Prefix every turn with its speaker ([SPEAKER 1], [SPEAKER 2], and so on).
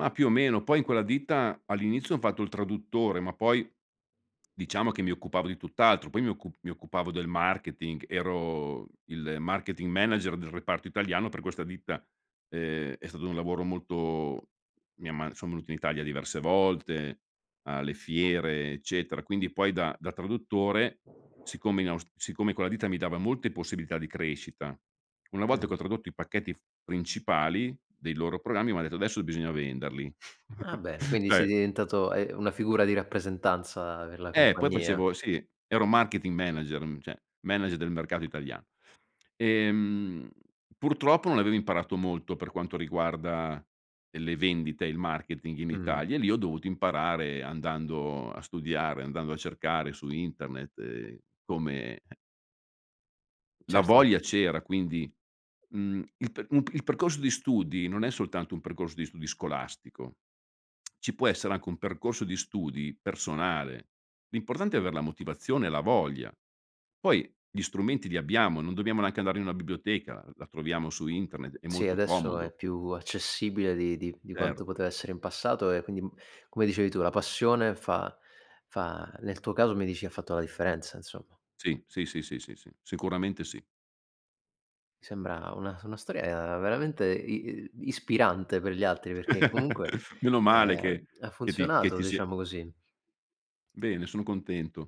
[SPEAKER 1] Ma più o meno. Poi in quella ditta, all'inizio ho fatto il traduttore ma poi, diciamo che mi occupavo di tutt'altro, poi mi occupav mi occupavo del marketing, ero il marketing manager del reparto italiano per questa ditta. Ehm è stato un lavoro molto mia ma sono venuto in Italia diverse volte, alle fiere, eccetera, quindi poi da da traduttore, siccome in aus siccome in quella ditta mi dava molte possibilità di crescita, una volta che ho
[SPEAKER 2] Mh.
[SPEAKER 1] tradotto i pacchetti f principali dei loro programmi mi han detto: "Adesso bisogna venderli."
[SPEAKER 2] Ah bene, quindi sei
[SPEAKER 1] Cioè.
[SPEAKER 2] diventato hai una figura di rappresentanza per la
[SPEAKER 1] Eh, poi
[SPEAKER 2] compagnia.
[SPEAKER 1] facevo sì, ero marketing manager, mhmm, cioè manager del mercato italiano. Ehm, purtroppo non avevo imparato molto, per quanto riguarda, ehm, le vendite e il marketing in
[SPEAKER 2] Mh-mh.
[SPEAKER 1] Italia e lì ho dovuto imparare andando a studiare, andando a cercare su internet, ehm, come La
[SPEAKER 2] Certo.
[SPEAKER 1] voglia c'era, quindi mhmm, il perc un il percorso di studi non è soltanto un percorso di studi scolastico, ci può essere anche un percorso di studi personale, l'importante è aver la motivazione e la voglia. Poi gli strumenti li abbiamo, non dobbiamo neanche andare in una biblioteca, la troviamo su internet, è
[SPEAKER 2] Sì,
[SPEAKER 1] molto
[SPEAKER 2] adesso è
[SPEAKER 1] comodo.
[SPEAKER 2] più accessibile di di di quanto
[SPEAKER 1] Certo.
[SPEAKER 2] poteva essere in passato e quindi, uhm, come dicevi tu, la passione fa fa nel tuo caso, mi dici, ha fatto la differenza insomma.
[SPEAKER 1] Sì, sì, sì, sì, si, sì, sicuramente sì.
[SPEAKER 2] Sembra una s una storia veramente i uhm, ispirante per gli altri perché comunque,
[SPEAKER 1] Meno male
[SPEAKER 2] ehm,
[SPEAKER 1] che
[SPEAKER 2] ha
[SPEAKER 1] che ti che
[SPEAKER 2] funzionato,
[SPEAKER 1] ti sia
[SPEAKER 2] diciamo così.
[SPEAKER 1] Bene, sono contento.